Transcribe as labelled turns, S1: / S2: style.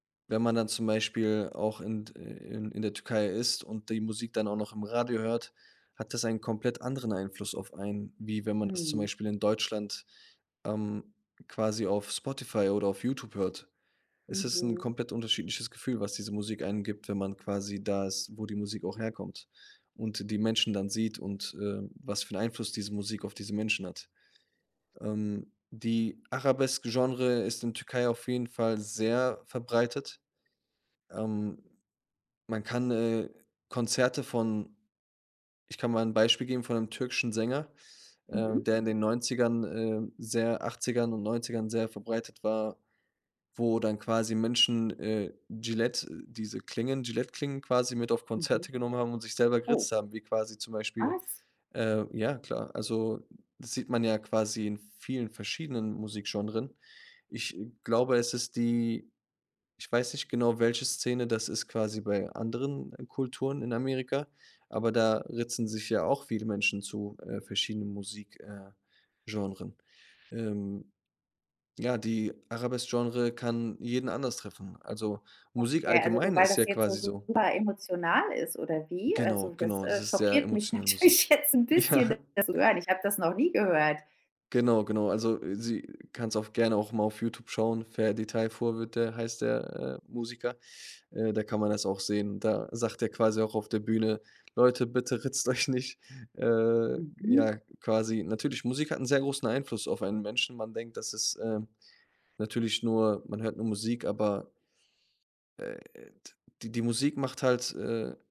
S1: Wenn man dann zum Beispiel auch in d ãh, in in der Türkei ist und die Musik dann auch noch im Radio hört, hat das einen komplett anderen Einfluss auf einen, wie wenn man das zum
S2: Mhm.
S1: Beispiel in Deutschland, ähm, quasi auf Spotify oder auf Youtube hört. Es ist 'n
S2: Mhm.
S1: komplett unterschiedliches Gefühl, was diese Musik einem gibt, wenn man quasi da ist, wo die Musik auch herkommt und die Menschen dann sieht und, äh, was für 'n Einfluss diese Musik auf diese Menschen hat. Ähm, die Arabesk-Genre ist in Türkei auf jeden Fall sehr verbreitet. Ähm, man kann, äh, Konzerte von ich kann mal 'n Beispiel geben von 'nem türkischen Sänger,
S2: Mhm.
S1: ähm, der in den 90ern, ähm, sehr 80ern und 90ern sehr verbreitet war, wo dann quasi Menschen, äh, Gilette diese Klingen, Gilette-Klingen quasi mit auf
S2: Mhm.
S1: Konzerte genommen haben und sich selber geritzt
S2: Oh.
S1: haben, wie quasi zum Beispiel
S2: Was?
S1: ähm, ja klar. Also, das sieht man ja quasi in vielen verschiedenen Musikgenres. Ich glaube, es ist die ich weiß nicht genau, welche Szene das ist quasi bei anderen Kulturen in Amerika, aber da ritzen sich ja auch viele Menschen zu, äh, verschiedenen Musik äh, Genres. Ähm, ja, die Arabesk-Genre kann jeden anders treffen. Also, Musik
S2: Okay, also du,
S1: allgemein
S2: weil
S1: ist ja
S2: das jetzt so
S1: quasi so
S2: super emotional ist, oder wie?
S1: Genau,
S2: Also das,
S1: genau, das
S2: äh,
S1: ist sehr
S2: schockiert mich
S1: emotionale
S2: natürlich
S1: Musik.
S2: jetzt 'n bisschen,
S1: Ja.
S2: das zu hören. Ich hab das noch nie gehört.
S1: Genau, genau. Also, sie kannst auf gerne auch mal auf Youtube schauen, Ferdi Tayfur wird der heißt der, äh, Musiker, äh, da kann man das auch sehen. Da sagt er quasi auch auf der Bühne: „Leute, bitte ritzt euch nicht." Äh,
S2: Mhm.
S1: ja, quasi natürlich, Musik hat 'n sehr großen Einfluss auf einen Menschen. Man denkt, das ist, äh, natürlich nur man hört nur Musik, aber äh, die die Musik macht halt, äh